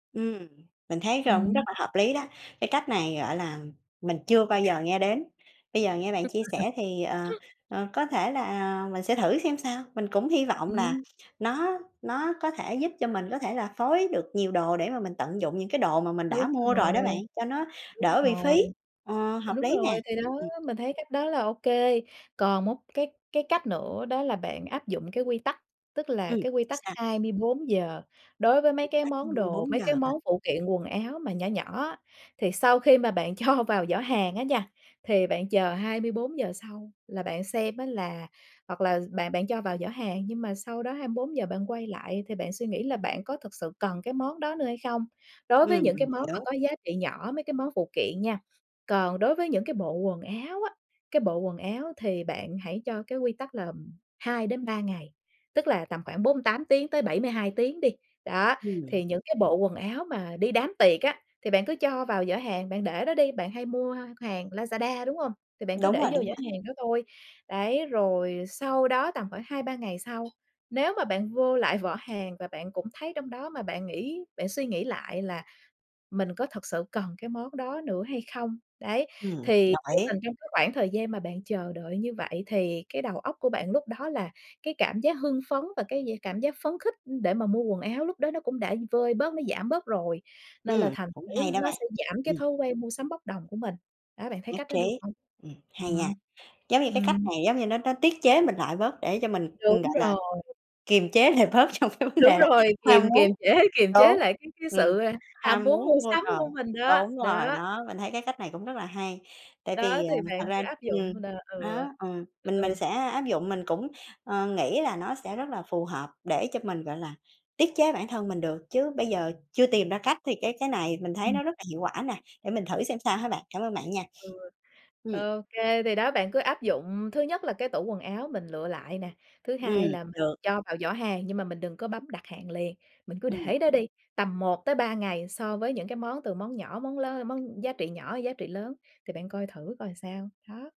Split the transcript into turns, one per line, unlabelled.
Ừm. Mình thấy
Ừm
cũng rất
hưm.
là hợp lý đó. Cái cách này, gọi là, mình chưa bao giờ nghe đến. Bây giờ nghe bạn chia sẻ thì, ờ,
[unintelligible]
ờ, có thể là mình sẽ thử xem sao. Mình cũng hy vọng là
Ừm.
nó nó có thể giúp cho mình có thể là phối được nhiều đồ để mà mình tận dụng những cái đồ mà mình
Đúng
đã mua rồi
rồi.
đó bạn, cho nó
Đúng
đỡ bị
rồi.
phí. Ờ, hợp
Đúng
lý nè.
rồi, thì đó,
Ừm.
mình thấy cách đó là ô kê. Còn một cái cái cách nữa đó là bạn áp dụng cái quy tắc, tức là
Ừm.
cái quy tắc
Sao?
24 giờ đối với mấy
Quy
cái
tắc hai
món
mươi
đồ,
bốn
mấy
giờ
cái
hả?
món phụ kiện quần áo mà nhỏ nhỏ á. Thì sau khi mà bạn cho vào giỏ hàng á nha, thì bạn chờ 24 giờ sau là bạn xem á là hoặc là bạn bạn cho vào giỏ hàng nhưng mà sau đó 24 giờ bạn quay lại, thì bạn suy nghĩ là bạn có thực sự cần cái món đó nữa hay không? Đối với
Ừm.
những cái
Mình
món mà
hiểu.
có giá trị nhỏ, mấy cái món phụ kiện nha. Còn đối với những cái bộ quần áo á, cái bộ quần áo thì bạn hãy cho cái quy tắc là, ừm, 2-3 ngày, tức là tầm khoảng 48 tiếng tới 72 tiếng đi. Đó, thì
Ừm.
những cái bộ quần áo mà đi đám tiệc á thì bạn cứ cho vào giỏ hàng, bạn để đó đi. Bạn hay mua hàng Lazada, đúng hông? Thì bạn cứ
Đúng
để
rồi,
vô
đúng
giỏ
rồi.
hàng đó thôi. Đấy, rồi sau đó tầm khoảng 2-3 ngày sau, nếu mà bạn vô lại vỏ hàng và bạn cũng thấy trong đó mà bạn nghĩ bạn suy nghĩ lại là mình có thực sự cần cái món đó nữa hay không? Đấy,
Ừm,
thì
đồng
vô
ý.
tình trong cái khoảng thời gian mà bạn chờ đợi như vậy thì cái đầu óc của bạn lúc đó là cái cảm giác hưng phấn và cái d cảm giác phấn khích để mà mua quần áo lúc đó nó cũng đã vơi bớt, nó giảm bớt rồi, nên là
Ừm.
thành
Cũng
thử
hay đó
nó
bạn.
sẽ giảm cái
Ừm.
thói quen mua sắm bốc đồng của mình. Đó, bạn thấy
Nhất
cách đó được
trí.
hông?
Ừm,
Ừm
hay nha.
hưm.
Giống như cái cách
Ừm.
này giống như nó nó tiết chế mình lại bớt để cho mình,
Đúng
gọi là,
rồi!
kiềm chế lại bớt trong cái vấn
Đúng
đề là
rồi!
ham
Kiềm kiềm
muốn
chế, kiềm chế
đúng,
lại cái cái
ừm,
sự, à, ham
ham
muốn mua
muốn mua
sắm
đồ,
của mình đó,
đúng rồi.
đó.
Đó, mình thấy cái cách này cũng rất là hay. Tại
Đó,
vì,
thì
à, thật
bạn cứ
ra
áp dụng
ừm,
là
đó.
ừ.
Ờ,
Ừ,
mình
ừ.
mình sẽ áp dụng, mình cũng, ờ, nghĩ là nó sẽ rất là phù hợp để cho mình, gọi là, tiết chế bản thân mình được, chứ bây giờ chưa tìm ra cách thì cái cái này mình thấy
Ừm.
nó rất là hiệu quả nè, để mình thử xem sao ha bạn. Cảm ơn bạn nha!
Ừ.
Ừm.
Ô kê, thì đó bạn cứ áp dụng, thứ nhất là cái tủ quần áo mình lựa lại nè, thứ hai
Ừm.
là mình
Được.
cho vào giỏ hàng nhưng mà mình đừng có bấm đặt hàng liền, mình cứ
Ừm.
để đó đi, tầm 1-3 ngày so với những cái món từ món nhỏ, món lớ món giá trị nhỏ, giá trị lớn. Thì bạn coi thử coi sao, đó.